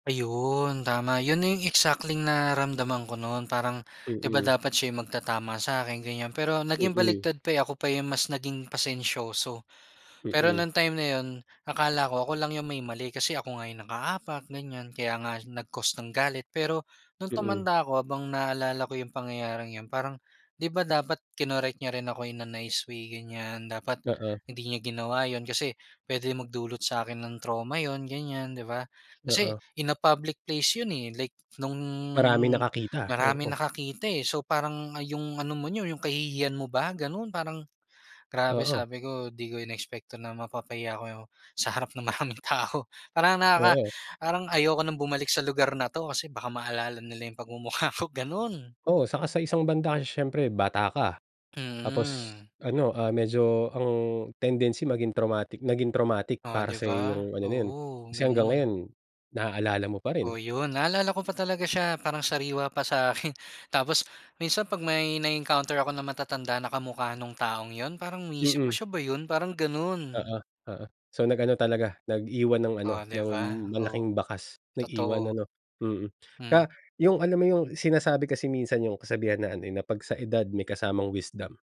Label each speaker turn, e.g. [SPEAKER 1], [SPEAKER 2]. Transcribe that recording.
[SPEAKER 1] Ayun, tama. Yun na yung exactly nararamdaman ko nun parang, di ba
[SPEAKER 2] Mm.
[SPEAKER 1] dapat siya yung magtatama sa'kin, ganiyan. Pero naging
[SPEAKER 2] Mm.
[SPEAKER 1] baliktad pa eh, ako pa yung mas naging pasensyoso. Pero
[SPEAKER 2] Mm.
[SPEAKER 1] nung time na yun, akala ko ako lang yung may mali kasi ako nga yung nakaapak, ganiyan, kaya nga nag-cause ng galit. Pero nung
[SPEAKER 2] Mm.
[SPEAKER 1] tumanda ako habang naalala ko yung pangyayaring yun parang, di ba dapat kinorek niya rin ako in a nice way, ganiyan. Dapat
[SPEAKER 2] Oo.
[SPEAKER 1] hindi niya ginawa yun kasi puwede magdulot sa akin ng trauma yun, ganiyan, di ba? Kasi
[SPEAKER 2] Oo.
[SPEAKER 1] in a public place yun eh like nung
[SPEAKER 2] Maraming nakakita.
[SPEAKER 1] maraming
[SPEAKER 2] Oo.
[SPEAKER 1] nakakita eh. So, parang, ah, yung ano mo niyo, yung kahihiyan mo ba, ganun. Parang, grabe
[SPEAKER 2] Oo.
[SPEAKER 1] sabi ko di ko inexpect 'to na mapapahiya ako yo sa harap ng maraming tao parang nakaka
[SPEAKER 2] Oo.
[SPEAKER 1] parang ayoko ng bumalik sa lugar na 'to kasi baka maalala nila yung pagmumukha ko, ganun.
[SPEAKER 2] Oo, tsaka sa isang banda kasi siyempre bata ka tapos
[SPEAKER 1] Mm.
[SPEAKER 2] ano, ah, medyo ang tendency maging traumatic naging traumatic
[SPEAKER 1] Oh di
[SPEAKER 2] para sa iyo
[SPEAKER 1] ba?
[SPEAKER 2] yung ano na yun,
[SPEAKER 1] Oo,
[SPEAKER 2] kasi hanggang ngayon
[SPEAKER 1] ganun.
[SPEAKER 2] naaalala mo pa rin.
[SPEAKER 1] Oh yun, naalala ko pa talaga siya parang sariwa pa sa akin. Tapos minsan 'pag may na-encounter ako na matatanda na kamukha nung taong yun, parang iniisip ko,
[SPEAKER 2] Mm.
[SPEAKER 1] "siya ba yun?" parang ganun.
[SPEAKER 2] Oo-oo. So, nag-ano talaga, nag-iwan ng ano,
[SPEAKER 1] Oh 'di
[SPEAKER 2] ng
[SPEAKER 1] ba? Oo.
[SPEAKER 2] malaking bakas. Nag-iwan
[SPEAKER 1] Totoo.
[SPEAKER 2] ano, mm.
[SPEAKER 1] Hmm.
[SPEAKER 2] Kaya yung alam mo yung sinasabi kasi minsan yung kasabihan na ano eh, na 'pag sa edad may kasamang wisdom.